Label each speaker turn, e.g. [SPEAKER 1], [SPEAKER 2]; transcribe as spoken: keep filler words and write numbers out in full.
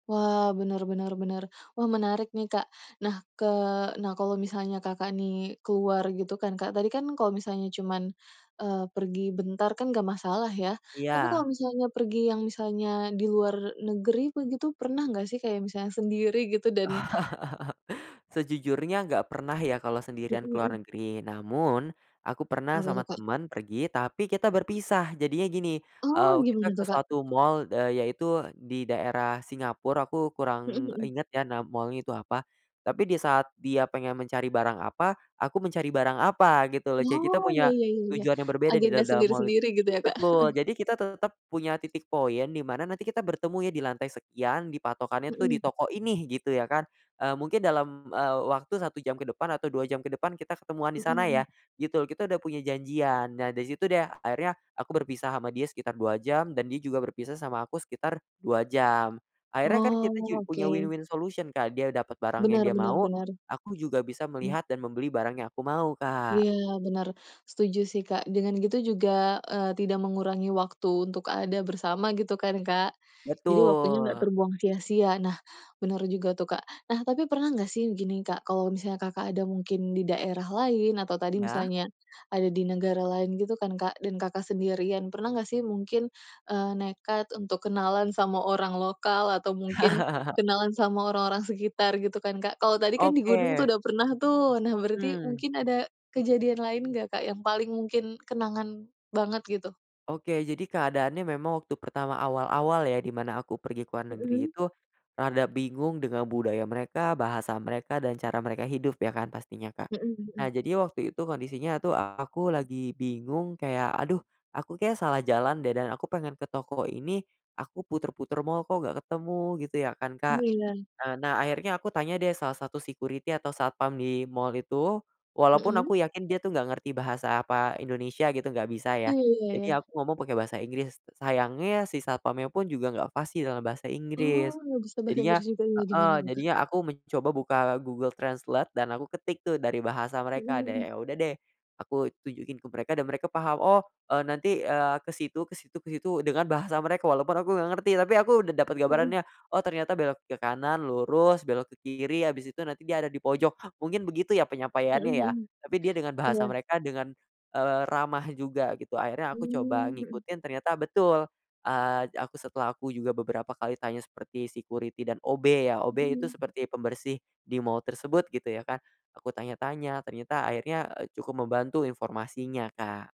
[SPEAKER 1] Wah, benar benar benar. Wah, menarik nih, Kak. Nah, ke nah, kalau misalnya Kakak nih, keluar gitu kan, Kak, tadi kan kalau misalnya cuman, eee, pergi bentar kan nggak masalah ya. Tapi kalau
[SPEAKER 2] Iya.
[SPEAKER 1] misalnya pergi, yang misalnya, di luar negeri begitu, pernah nggak sih, kayak misalnya sendiri, gitu? Dan
[SPEAKER 2] Sejujurnya nggak pernah ya, kalau
[SPEAKER 1] Mhm
[SPEAKER 2] sendirian ke luar
[SPEAKER 1] mhm.
[SPEAKER 2] negeri. Namun, aku pernah
[SPEAKER 1] Apa tuh,
[SPEAKER 2] sama
[SPEAKER 1] Kak?
[SPEAKER 2] temen pergi, tapi kita berpisah. Jadinya gini,
[SPEAKER 1] Oh,
[SPEAKER 2] eee, kita
[SPEAKER 1] gimana
[SPEAKER 2] ke
[SPEAKER 1] tuh, Kak?
[SPEAKER 2] suatu mall, eee, yaitu di daerah Singapore, aku
[SPEAKER 1] Mhm
[SPEAKER 2] kurang
[SPEAKER 1] mhm.
[SPEAKER 2] inget ya, nama mall-nya itu apa. Tapi di saat dia pengen mencari barang apa, aku mencari barang apa, gitu lho. Jadi kita
[SPEAKER 1] Oh, iya
[SPEAKER 2] punya
[SPEAKER 1] iya iya iya.
[SPEAKER 2] tujuan yang berbeda di
[SPEAKER 1] Agenda
[SPEAKER 2] da dalam mall itu.
[SPEAKER 1] sendiri-sendiri, gitu ya, Kak?
[SPEAKER 2] Betul, jadi kita tetep punya titik point, di mana nanti kita bertemu ya di lantai sekian, di patokannya tuh di
[SPEAKER 1] Mhm.
[SPEAKER 2] toko ini, gitu ya, kan. Eee, mungkin dalam, eee, waktu satu jam ke depan atau dua jam ke depan kita ketemuan di
[SPEAKER 1] Mhm
[SPEAKER 2] sana ya,
[SPEAKER 1] mhm.
[SPEAKER 2] gitu lho, kita udah punya janjian. Nah, dari situ deh, akhirnya aku berpisah sama dia sekitar dua jam dan dia juga berpisah sama aku sekitar dua jam. Akhirnya kan kita
[SPEAKER 1] Oh,
[SPEAKER 2] juga punya
[SPEAKER 1] oke.
[SPEAKER 2] win-win solution, Kak, dia dapet barang yang
[SPEAKER 1] Benar
[SPEAKER 2] dia
[SPEAKER 1] benar
[SPEAKER 2] mau,
[SPEAKER 1] benar.
[SPEAKER 2] aku juga bisa
[SPEAKER 1] Mmm.
[SPEAKER 2] melihat dan membeli barang yang aku mau, Kak.
[SPEAKER 1] Ya, benar. Setuju sih, Kak. Dengan gitu juga, eee, tidak mengurangi waktu untuk ada bersama, gitu kan, Kak? Jadi waktunya nggak
[SPEAKER 2] Betul.
[SPEAKER 1] terbuang sia-sia. Nah, benar juga tuh, Kak. Nah, tapi pernah nggak sih, begini, Kak, kalau misalnya Kakak ada mungkin di daerah lain, atau tadi
[SPEAKER 2] Iya.
[SPEAKER 1] misalnya ada di negara lain, gitu kan, Kak, dan Kakak sendirian, pernah nggak sih, mungkin, eee, nekat untuk kenalan sama orang lokal atau mungkin kenalan sama orang-orang sekitar, gitu kan, Kak? Kalau tadi kan di gunung
[SPEAKER 2] Oke.
[SPEAKER 1] tuh, udah pernah tuh. Nah, berarti
[SPEAKER 2] Mhm.
[SPEAKER 1] mungkin ada kejadian lain nggak, Kak, yang paling mungkin kenangan banget, gitu?
[SPEAKER 2] Oke, jadi keadaannya memang waktu pertama awal-awal ya, di mana aku pergi ke luar negeri
[SPEAKER 1] Mhm.
[SPEAKER 2] itu, rada bingung dengan budaya mereka, bahasa mereka, dan cara mereka hidup, ya kan pastinya Kak.
[SPEAKER 1] Mhm
[SPEAKER 2] Nah,
[SPEAKER 1] mhm.
[SPEAKER 2] jadi waktu itu kondisinya tuh aku lagi bingung, kayak, aduh, aku kayaknya salah jalan deh, dan aku pengen ke toko ini, aku puter-puter mall, kok nggak ketemu gitu, ya kan,
[SPEAKER 1] Oh,
[SPEAKER 2] Kak.
[SPEAKER 1] iya?
[SPEAKER 2] Eee, nah, akhirnya aku tanya deh salah satu security atau satpam di mall itu, walaupun
[SPEAKER 1] Mhm.
[SPEAKER 2] aku yakin dia tuh nggak ngerti bahasa apa, Indonesia gitu, nggak bisa
[SPEAKER 1] Ah,
[SPEAKER 2] ya.
[SPEAKER 1] iya,
[SPEAKER 2] Jadi
[SPEAKER 1] ya.
[SPEAKER 2] aku ngomong pakai bahasa Inggris. Sayangnya si satpamnya pun juga nggak fasih dalam bahasa
[SPEAKER 1] Oh,
[SPEAKER 2] Inggris.
[SPEAKER 1] nggak bisa bahasa
[SPEAKER 2] Jadinya
[SPEAKER 1] Inggris juga,
[SPEAKER 2] heeh,
[SPEAKER 1] gimana tuh, Kak?
[SPEAKER 2] jadinya aku mencoba buka Google Translate dan aku ketik tuh, dari bahasa
[SPEAKER 1] Mhm
[SPEAKER 2] mereka. Dan
[SPEAKER 1] mhm.
[SPEAKER 2] ya udah deh, aku tunjukin ke mereka dan mereka paham, "Oh, eee, nanti, eee, ke situ ke situ ke situ," dengan bahasa mereka, walaupun aku enggak ngerti. Tapi aku udah dapet
[SPEAKER 1] Mhm.
[SPEAKER 2] gambarannya, oh ternyata belok ke kanan, lurus, belok ke kiri, habis itu nanti dia ada di pojok. Mungkin begitu ya,
[SPEAKER 1] Mhm
[SPEAKER 2] penyampaiannya ya.
[SPEAKER 1] mhm,
[SPEAKER 2] Tapi dia dengan bahasa
[SPEAKER 1] iya.
[SPEAKER 2] mereka dengan, eee, ramah juga, gitu. Akhirnya aku coba
[SPEAKER 1] Mmm, mhm.
[SPEAKER 2] ngikutin, ternyata betul. Eee, aku setelah aku juga beberapa kali tanya seperti security dan OB ya, OB itu
[SPEAKER 1] Mhm.
[SPEAKER 2] seperti pembersih di mall tersebut, gitu ya kan, aku tanya-tanya, ternyata akhirnya, eee, cukup membantu informasinya, Kak.